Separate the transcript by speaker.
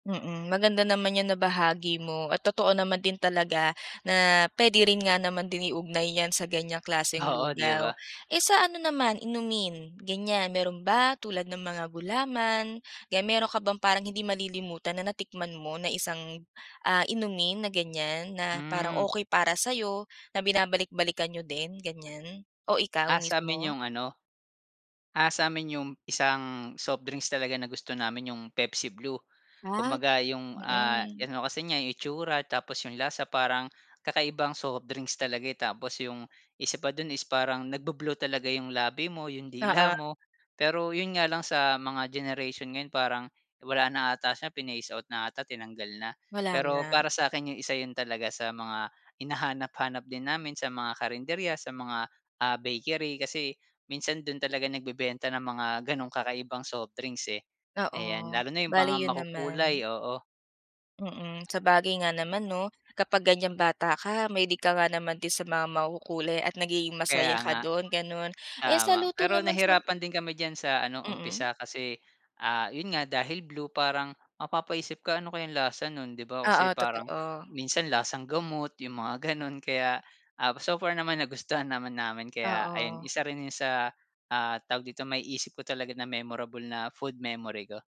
Speaker 1: Mm. Maganda naman 'yang nabahagi mo at totoo naman din talaga na puwede rin nga naman din iugnay 'yan sa ganiyang klaseng
Speaker 2: Oo, 'di
Speaker 1: lugaw.
Speaker 2: ba?
Speaker 1: Eh, sa ano naman, inumin, ganiyan, mayro'n ba tulad ng mga gulaman, kaya mayro'n ka bang parang hindi malilimutan na natikman mo na isang, ah, inumin na ganiyan. Na parang
Speaker 2: Hmm.
Speaker 1: okey para sayo, na binabalik-balikan niyo din, ganiyan o ikaw
Speaker 2: Ah. Sa'min
Speaker 1: mismo?
Speaker 2: 'yong ano, ah, sa'min 'yong isang soft drinks talaga na gusto namin 'yong Pepsi Blue.
Speaker 1: Ah, tru
Speaker 2: Kumbaga 'yong, ah,
Speaker 1: mm.
Speaker 2: ano kasi niya, 'yong itsura tapos 'yong lasa parang kakaibang soft drinks talaga, eh. Tapos 'yong isa pa do'n is parang nagbu-blue talaga 'yong labi mo, 'yong dila
Speaker 1: Oo.
Speaker 2: mo, pero 'yon nga lang sa mga generation ngayon parang wala na 'ata siya, phinase out na 'ata, tinanggal na.
Speaker 1: Wala
Speaker 2: Pero
Speaker 1: na.
Speaker 2: para sa'kin 'yong isa 'yon talaga sa mga hinahanap-hanap din namin sa mga karinderya, sa mga, ah, bakery kasi minsan do'n talaga nagbebenta ng mga gano'ng kakaibang soft drinks, eh. Ayan,
Speaker 1: Oo.
Speaker 2: lalo na 'yong
Speaker 1: Bale,
Speaker 2: mga
Speaker 1: 'yon naman.
Speaker 2: makukulay, oo.
Speaker 1: Mm. Sabagay nga naman 'no. Kapag ganiyang bata ka mahilig ka nga naman din sa mga makukulay at nagiging
Speaker 2: Kaya
Speaker 1: masaya ka
Speaker 2: nga.
Speaker 1: do'n, gano'n. Eh, sa
Speaker 2: Tama.
Speaker 1: luto
Speaker 2: Pero
Speaker 1: naman sa b
Speaker 2: nahirapan din kami diyan sa ano,
Speaker 1: Mm.
Speaker 2: umpisa kasi, ah, 'yon nga dahil blue parang mapapaisip ka, "Ano kayang lasa no'n?" 'Di ba kasi
Speaker 1: Oo,
Speaker 2: parang
Speaker 1: totoo.
Speaker 2: minsan lasang gamot 'yong mga gano'n. Kaya, ah, so far naman nagustuhan naman namin kaya ayun,
Speaker 1: Oo.
Speaker 2: isa rin 'yon sa, ah, tawag dito, maiisip ko talaga na memorable na food memory ko.